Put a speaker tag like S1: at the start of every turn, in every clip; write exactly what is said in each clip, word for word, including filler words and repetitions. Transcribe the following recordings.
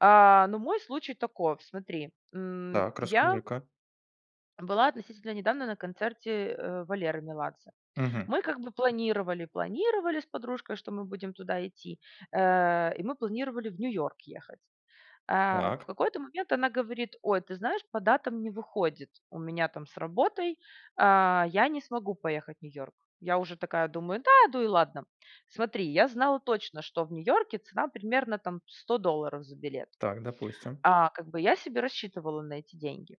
S1: А, ну мой случай таков. Смотри, м,
S2: Так,
S1: я
S2: расскажи-ка!
S1: была относительно недавно на концерте, э, Валеры Меладзе.
S2: Мгм.
S1: Мы как бы планировали, планировали с подружкой, что мы будем туда идти. Э, и мы планировали в New York ехать. А в
S2: Так.
S1: какой-то момент она говорит: "Ой, ты знаешь, по датам не выходит у меня там с работой, а, я не смогу поехать в New York". Я уже такая думаю: "Да, ду и ладно, м". Смотри, я знала точно, что в Нью-Йорке цена примерно там сто долларов за билет.
S2: Так, допустим.
S1: А как бы, я себе рассчитывала на эти деньги.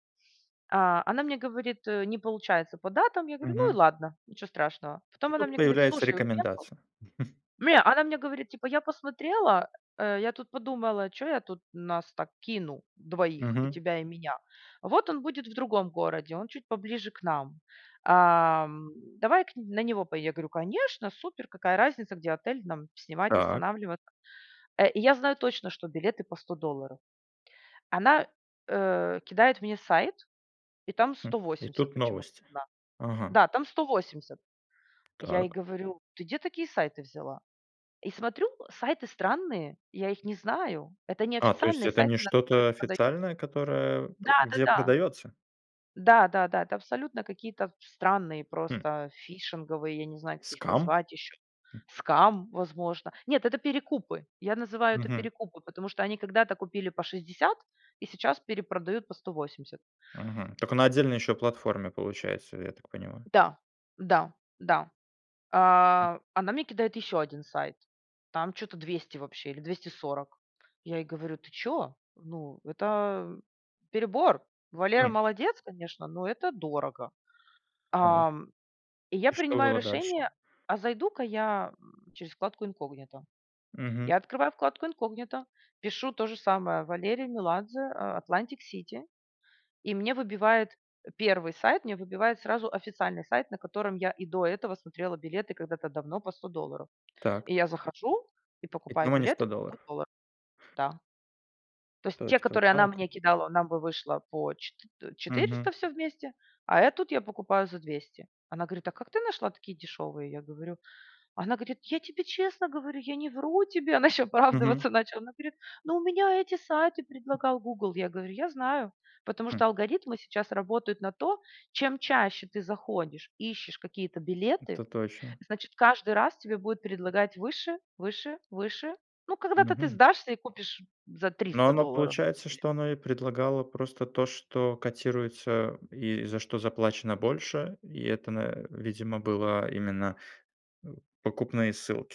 S1: А она мне говорит, э: "Не получается по датам". Я говорю: "Ну и
S2: Мгм.
S1: ладно, ничего страшного".
S2: И
S1: Потом она
S2: тут
S1: мне говорит:
S2: появляется
S1: "Слушай, уехал".
S2: рекомендация.
S1: Ме она мне говорит типа: "Я посмотрела, э, я тут подумала, чё я тут нас так кину двоих и
S2: Мгм.
S1: тебя и меня. Вот он будет в другом городе, он чуть поближе к нам. Ам, давай к нь на него пое" Я говорю: "Конечно, супер, какая разница, где отель нам снимать,
S2: Так.
S1: останавливаться". Э, и я знаю точно, что билеты по сто долларов. Она, э, кидает мне сайт и там сто
S2: М. И
S1: восемьдесят
S2: тут
S1: почему-то
S2: новости.
S1: цена.
S2: Ага.
S1: Да, там сто восемьдесят. Я ей
S2: Так.
S1: говорю: "Ты где такие сайты взяла?" И смотрю сайты странные, я их не знаю. Это не
S2: А то есть
S1: официальные
S2: это
S1: сайты,
S2: не
S1: на которых
S2: что-то
S1: продаются.
S2: официальное, которое пу где
S1: Да-да-да.
S2: продаётся?
S1: Да-да-да. Это абсолютно какие-то в странные
S2: Хм.
S1: просто фишинговые, я не знаю, как их
S2: Scam?
S1: назвать ещё,
S2: М.
S1: scam, возможно. Нет, это перекупы. Я называю это
S2: Мгм.
S1: перекупы, потому что они когда-то купили по шестьдесят и сейчас перепродают по сто восемьдесят.
S2: Мгм. Тока на отдельной еще платформе получается я так понимаю?
S1: Да, да, да.
S2: М.
S1: А, она мне кидает ещё один сайт, там чё-то двести вообще или двести сорок. Я ей говорю: "Ты чё? Ну, это, м, перебор. Валера
S2: М.
S1: молодец, конечно, но это дорого".
S2: Так.
S1: Ам, и я
S2: И что
S1: принимаю
S2: было дальше?
S1: решение, а зайду-ка я, м, через вкладку инкогнито.
S2: Мгм.
S1: Я открываю вкладку инкогнито, пишу тоже самое Валерий Меладзе, а, Atlantic City и мне выбивает, э, первый сайт, мне выбивает сразу официальный сайт, на котором я и до этого смотрела билеты когда-то давно по сто долларов.
S2: Так.
S1: И я захожу и
S2: Ведь ну
S1: покупаю
S2: мо не сто
S1: билеты по сто
S2: долларов.
S1: долларов. Да. То есть,
S2: То
S1: те,
S2: есть вот
S1: которые она
S2: так
S1: мне
S2: он?
S1: кидала, нам бы вышло по четы т
S2: Мгм.
S1: четыреста всё вместе, а, э, тут я покупаю за двести. Она говорит: "А как ты нашла такие дешевые?" Я говорю. Она говорит: "Я тебе честно говорю, я не вру тебе". Она еще
S2: Мгм.
S1: оправдываться начала. Она говорит: "Ну, у меня эти сайты предлагал Гугл". Я говорю: "Я знаю, Потому
S2: Хм.
S1: что алгоритмы сейчас работают на то, чем чаще ты заходишь, ищешь какие-то билеты,
S2: Это точно.
S1: значит, каждый раз тебе будет предлагать выше, выше, выше. Ну, когда-то ты
S2: Мгм.
S1: сдашься и купишь, м, за
S2: Но
S1: триста
S2: оно
S1: долларов
S2: получается,
S1: билет".
S2: что оно и предлагало просто то, что котируется и за что заплачено больше? И это, на, э, видимо, было именно оу покупные ссылки.